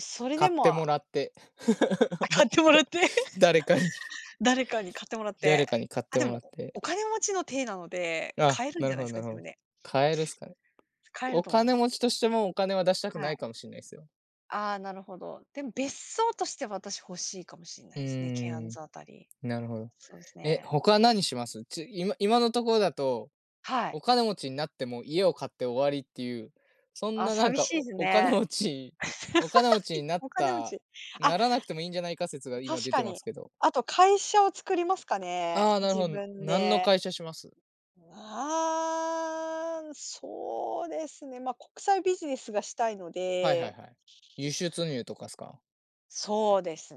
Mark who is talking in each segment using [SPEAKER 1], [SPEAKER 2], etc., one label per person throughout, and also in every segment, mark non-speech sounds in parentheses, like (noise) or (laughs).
[SPEAKER 1] それ
[SPEAKER 2] 買
[SPEAKER 1] で
[SPEAKER 2] って
[SPEAKER 1] も
[SPEAKER 2] もらって、
[SPEAKER 1] あ、買ってもらって。
[SPEAKER 2] (laughs) 誰かに。
[SPEAKER 1] (giggles) 誰かに買ってもらって、
[SPEAKER 2] 誰かに買っ
[SPEAKER 1] あ、
[SPEAKER 2] て
[SPEAKER 1] で
[SPEAKER 2] もら
[SPEAKER 1] も
[SPEAKER 2] っ
[SPEAKER 1] お
[SPEAKER 2] て。
[SPEAKER 1] 金持ちの体なので、
[SPEAKER 2] ああ、
[SPEAKER 1] 買えるん
[SPEAKER 2] な
[SPEAKER 1] じ
[SPEAKER 2] る
[SPEAKER 1] ゃ
[SPEAKER 2] ほ
[SPEAKER 1] ないで
[SPEAKER 2] ど
[SPEAKER 1] す
[SPEAKER 2] な
[SPEAKER 1] か？
[SPEAKER 2] るほ
[SPEAKER 1] 自分
[SPEAKER 2] ど。
[SPEAKER 1] で。
[SPEAKER 2] 買えるっすかね。
[SPEAKER 1] 買える
[SPEAKER 2] お
[SPEAKER 1] と思いま
[SPEAKER 2] 金
[SPEAKER 1] す。
[SPEAKER 2] 持ちとしても、お金は出したく
[SPEAKER 1] は
[SPEAKER 2] ない
[SPEAKER 1] い。
[SPEAKER 2] かもしれないっすよ。
[SPEAKER 1] ああ、なるほど。でも別荘として、私欲しいかもしんな
[SPEAKER 2] う
[SPEAKER 1] いですね、ケアン
[SPEAKER 2] ーん、
[SPEAKER 1] ズ辺り、
[SPEAKER 2] なるほど。
[SPEAKER 1] そうです
[SPEAKER 2] え、
[SPEAKER 1] ね。
[SPEAKER 2] 他は何します？ち今今のところだと、
[SPEAKER 1] はい。
[SPEAKER 2] お金持ちになっても、家を買って終わりって言う、そん
[SPEAKER 1] あ、
[SPEAKER 2] な、なん
[SPEAKER 1] 寂
[SPEAKER 2] か、
[SPEAKER 1] しいです
[SPEAKER 2] おお金
[SPEAKER 1] ね。
[SPEAKER 2] 持ちお金持ちに
[SPEAKER 1] (laughs)
[SPEAKER 2] なっ
[SPEAKER 1] お金持
[SPEAKER 2] た、
[SPEAKER 1] ち、あ
[SPEAKER 2] ならなくてもいいんじゃないか説が今
[SPEAKER 1] 確
[SPEAKER 2] 出
[SPEAKER 1] か
[SPEAKER 2] てま
[SPEAKER 1] に。
[SPEAKER 2] すけど。
[SPEAKER 1] あと会社を作りますか
[SPEAKER 2] あ
[SPEAKER 1] ね、
[SPEAKER 2] あ、なる
[SPEAKER 1] 自
[SPEAKER 2] ほど、
[SPEAKER 1] 分
[SPEAKER 2] なんの
[SPEAKER 1] で。
[SPEAKER 2] 会社します？
[SPEAKER 1] うあ、そうですね、ま、国際ビジネスがしたいの
[SPEAKER 2] はいはい
[SPEAKER 1] で
[SPEAKER 2] はい、輸出入とかっすか？
[SPEAKER 1] そうです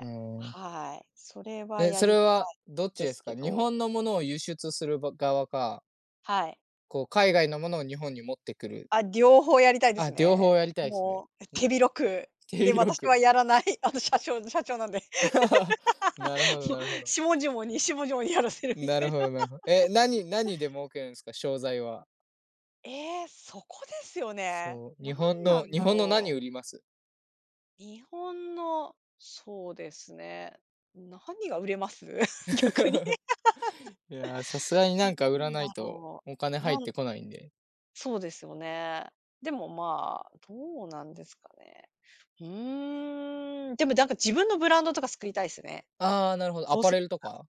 [SPEAKER 2] ああ。
[SPEAKER 1] はい、それは
[SPEAKER 2] え、
[SPEAKER 1] や
[SPEAKER 2] そ
[SPEAKER 1] り
[SPEAKER 2] れ
[SPEAKER 1] たい
[SPEAKER 2] はどっち
[SPEAKER 1] で
[SPEAKER 2] で
[SPEAKER 1] す
[SPEAKER 2] す
[SPEAKER 1] け
[SPEAKER 2] か？日
[SPEAKER 1] ど。
[SPEAKER 2] 本の物を輸出するば側か。
[SPEAKER 1] はい。
[SPEAKER 2] こう、海外の物を日本に持ってくる。
[SPEAKER 1] あ、両方やりたいで
[SPEAKER 2] あ、
[SPEAKER 1] す
[SPEAKER 2] 両方
[SPEAKER 1] ね。
[SPEAKER 2] やりたいっすね。
[SPEAKER 1] もう
[SPEAKER 2] ん、
[SPEAKER 1] 手広く、
[SPEAKER 2] 手
[SPEAKER 1] で、
[SPEAKER 2] 広
[SPEAKER 1] 私
[SPEAKER 2] く。
[SPEAKER 1] はやらない。あの、社長社長なんで、
[SPEAKER 2] (laughs) なるほど
[SPEAKER 1] もう
[SPEAKER 2] なるほど。
[SPEAKER 1] 下々に下々にやらせるみ
[SPEAKER 2] な
[SPEAKER 1] たい
[SPEAKER 2] る
[SPEAKER 1] な。
[SPEAKER 2] ほ
[SPEAKER 1] すんあ。
[SPEAKER 2] どなるほど。え、何何で儲けるんですか、商材は？
[SPEAKER 1] ええ、そこですよね。
[SPEAKER 2] そう、日
[SPEAKER 1] 何
[SPEAKER 2] 本
[SPEAKER 1] な
[SPEAKER 2] の
[SPEAKER 1] ん
[SPEAKER 2] 日
[SPEAKER 1] だ
[SPEAKER 2] 本の
[SPEAKER 1] ろう。
[SPEAKER 2] 何売ります？
[SPEAKER 1] 日本の、そうですね、何が売れます？逆に。
[SPEAKER 2] (laughs) いや、さすがになんか
[SPEAKER 1] (laughs)
[SPEAKER 2] 売ら
[SPEAKER 1] 何
[SPEAKER 2] な
[SPEAKER 1] だ
[SPEAKER 2] いと、
[SPEAKER 1] ろ
[SPEAKER 2] お金
[SPEAKER 1] う、
[SPEAKER 2] 入
[SPEAKER 1] な
[SPEAKER 2] っ
[SPEAKER 1] ん
[SPEAKER 2] てこないんで。
[SPEAKER 1] そうですよね。でも、ま、どうなんですかね。うーん、でも、なんか自分のブランドとか作りたいですね。
[SPEAKER 2] ああ、なるほど、ア
[SPEAKER 1] どう
[SPEAKER 2] パ
[SPEAKER 1] せ、
[SPEAKER 2] レルと
[SPEAKER 1] ら。
[SPEAKER 2] か？